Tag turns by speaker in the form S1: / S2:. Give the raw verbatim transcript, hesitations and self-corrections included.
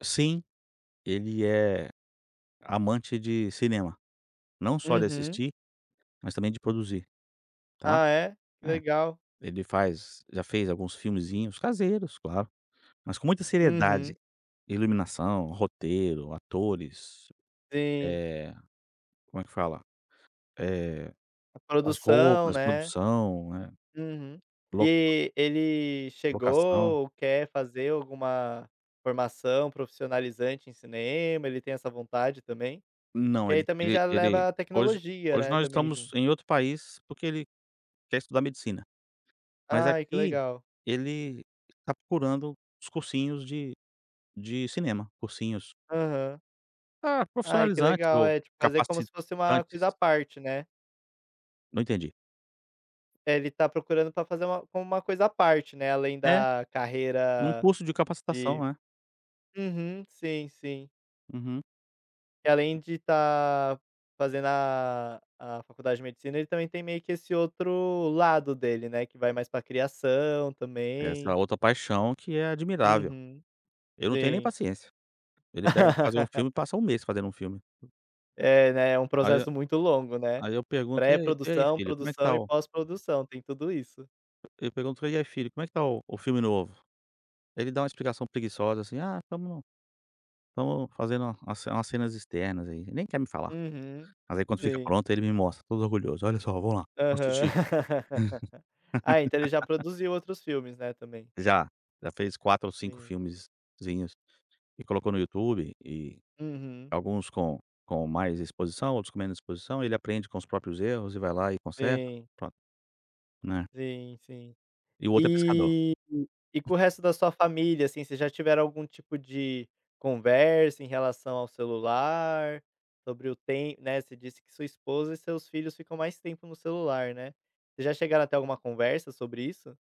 S1: Sim, ele é amante de cinema, não só de
S2: Uhum.
S1: assistir, mas também de produzir, tá.
S2: Ah, é? Que
S1: É,
S2: legal.
S1: ele faz já fez alguns filmezinhos, caseiros, claro. Mas com muita seriedade,
S2: Uhum.
S1: Iluminação, roteiro, atores,
S2: Sim.
S1: eh, como é que fala, eh,
S2: A
S1: as
S2: produção,
S1: roupas,
S2: né.
S1: produção, né.
S2: Uhum.
S1: Loc
S2: E ele
S1: locação.
S2: chegou, quer fazer alguma formação profissionalizante em cinema, ele tem essa vontade também? Que
S1: Não,
S2: aí
S1: ele
S2: também
S1: e
S2: já
S1: ele,
S2: leva a
S1: hoje
S2: tecnologia,
S1: hoje
S2: né,
S1: nós
S2: também
S1: estamos
S2: junto.
S1: em outro país, porque ele quer estudar medicina. Mas
S2: Ai que
S1: aqui,
S2: legal.
S1: ele está procurando os cursinhos de de cinema, cursinhos
S2: Aham.
S1: Ah,
S2: Ai que
S1: profissionalizantes
S2: legal,
S1: ou
S2: é tipo fazer como se fosse uma coisa à
S1: capacitantes.
S2: parte, né.
S1: Não entendi.
S2: Deve está procurando para fazer uma como uma coisa à parte, né. Além
S1: É,
S2: da
S1: num
S2: carreira
S1: curso de capacitação,
S2: de
S1: é.
S2: uhum. Sim, sim.
S1: Uhum.
S2: E além de estar fazendo a a faculdade de medicina, ele também tem meio que esse outro lado dele, né, que vai mais para criação
S1: Essa é a
S2: também.
S1: outra paixão que é admirável.
S2: Uhum.
S1: Eu não tenho nem
S2: Sim.
S1: paciência. Ele pega para fazer um filme, passa um mês fazendo um filme.
S2: É né, é um
S1: Aí, eh
S2: processo muito longo né.
S1: aí eu pergunto: "E ai e ai
S2: Pré-produção,
S1: filho como é que
S2: produção
S1: está
S2: e
S1: o"
S2: pós-produção, tem tudo isso.
S1: Eu pergunto: "E aí filho como é que está o o filme novo?" Aí ele dá uma explicação preguiçosa, assim: "Ah estamos estamos fazendo uma uma umas cenas externas aí". Nem quer me falar.
S2: Uhum.
S1: Mas aí quando fica
S2: Sim.
S1: pronto, aí ele me mostra todo orgulhoso: "Olha só, vamos lá, vamos
S2: Aham.
S1: assistir".
S2: Ah, então, ele já produziu outros filmes, né, também?
S1: Já, já fez quatro ou cinco
S2: Sim.
S1: filmezinhos, e colocou no YouTube e,
S2: Uhum.
S1: alguns com com mais exposição, outros com menos exposição. Ele aprende com os próprios erros, e vai lá e conserta,
S2: Sim.
S1: pronto, né.
S2: Sim, sim.
S1: E o outro é pescador.
S2: E e com o resto da sua família, assim, vocês já tiveram algum tipo de conversa em relação ao celular, sobre o tem né, você disse que sua esposa e seus filhos, ficam mais tempo no celular, né. Vocês já chegaram a ter uma conversa sobre isso?